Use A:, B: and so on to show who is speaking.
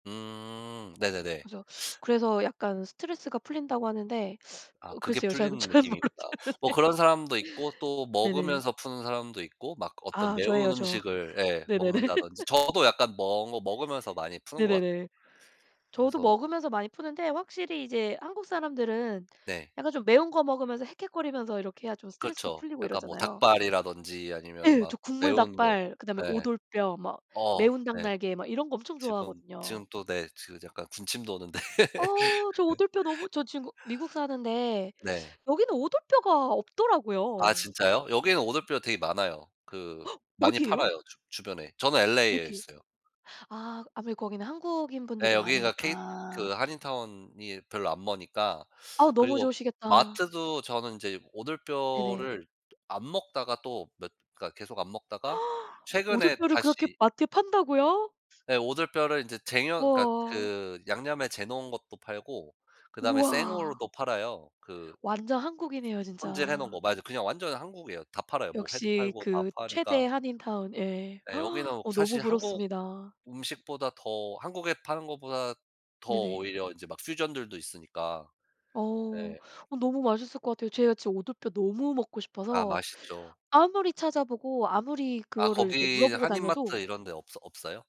A: 음 네네네.
B: 그래서, 그래서 약간 스트레스가 풀린다고 하는데
A: 아
B: 어
A: 그게
B: 글쎄요 전
A: 풀리는
B: 잘 모르겠는데.
A: 느낌이구나. 뭐 그런 사람도 있고 또
B: 네네.
A: 먹으면서 푸는 사람도 있고 막 어떤
B: 아
A: 매운
B: 저예요 저.
A: 음식을 예
B: 네네네.
A: 먹는다든지 저도 약간 먹 먹으면서 많이 푸는 것 같아요
B: 네네네. 저도
A: 그래서
B: 먹으면서 많이 푸는데 확실히 이제 한국 사람들은
A: 네.
B: 약간 좀 매운 거 먹으면서 헥헥거리면서 이렇게 해야 좀 스트레스도
A: 그쵸.
B: 풀리고
A: 약간 뭐
B: 이러잖아요.
A: 닭발이라든지 아니면
B: 예.
A: 막
B: 저 국물
A: 매운거
B: 닭발 그다음에
A: 예.
B: 오돌뼈 막
A: 어
B: 매운 닭
A: 네.
B: 날개 막 이런 거 엄청
A: 지금
B: 좋아하거든요.
A: 지금 또 네 지금 약간 군침 도는데.
B: 어 저 오돌뼈 너무 저 진국 미국 사는데
A: 네.
B: 여기는 오돌뼈가
A: 아
B: 없더라고요.
A: 진짜요? 여기에는 오돌뼈가 되게 많아요. 그 많이
B: 어디에요?
A: 팔아요 주 주변에. 저는 LA에
B: 어디요?
A: 있어요.
B: 아 아무래도 거기는 한국인
A: 네.
B: 분들이
A: 여기가 케이 그
B: 많으니까.
A: 한인타운이 별로 안 머니까
B: 어 너무
A: 그리고
B: 좋으시겠다.
A: 마트도 저는 이제
B: 네네.
A: 오돌뼈를 안 먹다가 또 몇 계속 안 먹다가 최근에
B: 오돌뼈를 그렇게
A: 다시
B: 마트에 판다고요?
A: 네. 오돌뼈를 이제 쟁여 그러니까
B: 우와.
A: 그 양념에 재 놓은 것도 팔고 그다음에
B: 우와.
A: 생으로도 팔아요. 그
B: 완전 한국이네요
A: 손질해 놓은
B: 진짜.
A: 거. 맞아 그냥 완전 한국이에요. 다 팔아요 뭐 회도
B: 역시
A: 팔고 다
B: 그 최대
A: 파니까.
B: 한인타운 예.
A: 네. 여기는
B: 어 너무
A: 사실 한국
B: 부럽습니다.
A: 음식보다 더 한국에 파는 것보다 더
B: 네네.
A: 오히려 이제 막 퓨전들도 있으니까
B: 어.
A: 네.
B: 어 너무 맛있을 것 같아요. 제가 지금 오돌뼈 너무 먹고
A: 아
B: 싶어서
A: 맛있죠.
B: 아무리 찾아보고 아무리
A: 아
B: 그거를 이렇게
A: 거기
B: 물어보고
A: 한인 마트
B: 다녀도
A: 이런 데 없어 없어요?